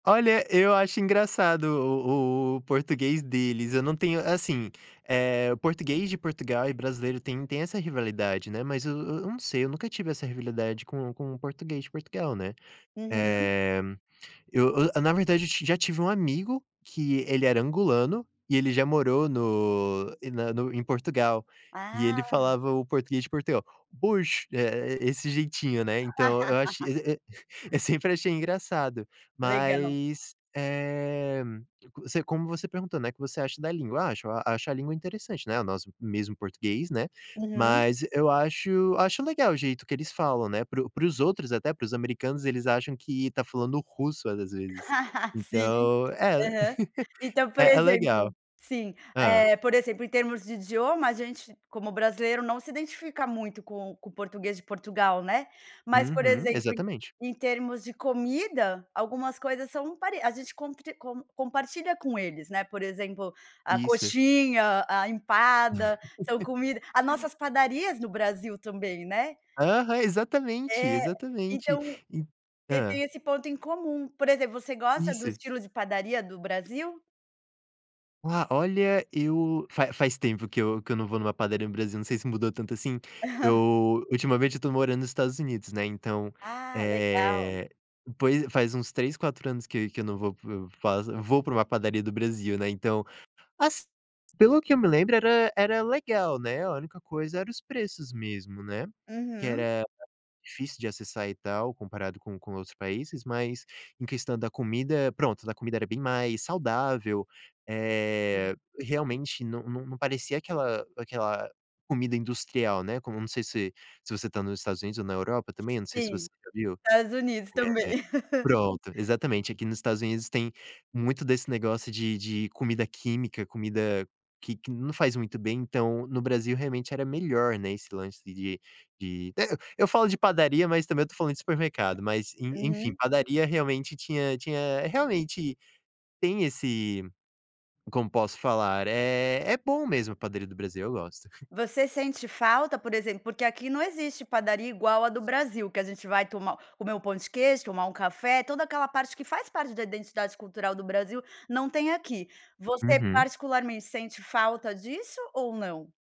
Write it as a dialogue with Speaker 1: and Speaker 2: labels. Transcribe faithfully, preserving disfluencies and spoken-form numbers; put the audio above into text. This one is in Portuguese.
Speaker 1: Olha, eu acho engraçado o o português deles, eu não tenho assim, eh, português de Portugal e brasileiro têm têm essa rivalidade, né, mas eu eu não sei, eu nunca tive essa rivilidade com com o português de Portugal né.
Speaker 2: Aham.
Speaker 1: Eh, eu eu na verdade eu ti já tive um amigo que ele era angolano e ele já morou no em na no em Portugal e ele
Speaker 2: Ah.
Speaker 1: falava o português de Portugal: "Pois", eh eh, esse jeitinho, né, então, eu acho, eh, eh, eu sempre achei engraçado,
Speaker 2: Legal.
Speaker 1: mas, eh, co você como você perguntou, né: "O que você acha da língua". Ah, acho acho a língua interessante, né, o nosso mesmo português né,
Speaker 2: Aham.
Speaker 1: mas eu acho acho legal o jeito que eles falam, né, para o para os outros até, para os americanos, eles acham que está falando russo várias vezes,
Speaker 2: Sim,
Speaker 1: então
Speaker 2: aham. Então, por
Speaker 1: é é legal.
Speaker 2: exemplo sim,
Speaker 1: Hã?
Speaker 2: eh, por exemplo, em termos de idioma, a gente, como brasileiro, não se identifica muito com o com o português de Portugal, né. Mas, por
Speaker 1: Uhum,
Speaker 2: exemplo, em
Speaker 1: exatamente.
Speaker 2: em termos de comida, algumas coisas são pare a gente compre com compartilha com eles, né. Por exemplo, a
Speaker 1: Isso.
Speaker 2: coxinha, a empada, são comida a nossas padarias no Brasil também, né.
Speaker 1: Aham, exatamente,
Speaker 2: É.
Speaker 1: exatamente
Speaker 2: Então
Speaker 1: e
Speaker 2: te
Speaker 1: hã.
Speaker 2: tem esse ponto em comum. Por exemplo, você gosta do
Speaker 1: Isso.
Speaker 2: estilo de padaria do Brasil?
Speaker 1: Ah, olha, eu fa faz tempo que eu que eu não vou numa padaria no Brasil, não sei se mudou tanto assim, eu ultimamente eu estou morando nos Estados Unidos, né, então,
Speaker 2: Ah, legal.
Speaker 1: eh, poi faz uns três, quatro anos que que eu não vou para o faz vou para uma padaria do Brasil, né, então, assi pelo que eu me lembre era era legal, né, a única coisa era os preços mesmo, né, que
Speaker 2: Uhum.
Speaker 1: era difícil de acessar e tal comparado com com outros países, mas em questão da comida, pronto, da comida era bem mais saudável,
Speaker 2: Hum.
Speaker 1: eh, realmente não não não parecia aquela aquela comida industrial, né, como não sei se se você está nos Estados Unidos ou na Europa também, não sei se
Speaker 2: Sim,
Speaker 1: você já viu. Eh,
Speaker 2: Estados Unidos também.
Speaker 1: pronto, exatamente, aqui nos Estados Unidos tem muito desse negócio de de comida química, comida que que não faz muito bem, então no Brasil realmente era melhor, né, esse lance de de de eh, eu falo de padaria, mas também eu estou falando de supermercado, mas, en enfim,
Speaker 2: Uhum.
Speaker 1: padaria realmente tinha tinha realmente tem esse, como posso falar, eh, é bom mesmo padaria do Brasil, eu gosto.
Speaker 2: Você sente falta, por exemplo porque aqui não existe padaria igual a do Brasil, que a gente vai tomar comer um pão de queijo, tomar um café, toda aquela parte que faz parte da identidade cultural do Brasil, não tem aqui. Você,
Speaker 1: Uhum.
Speaker 2: particularmente, sente falta disso ou não?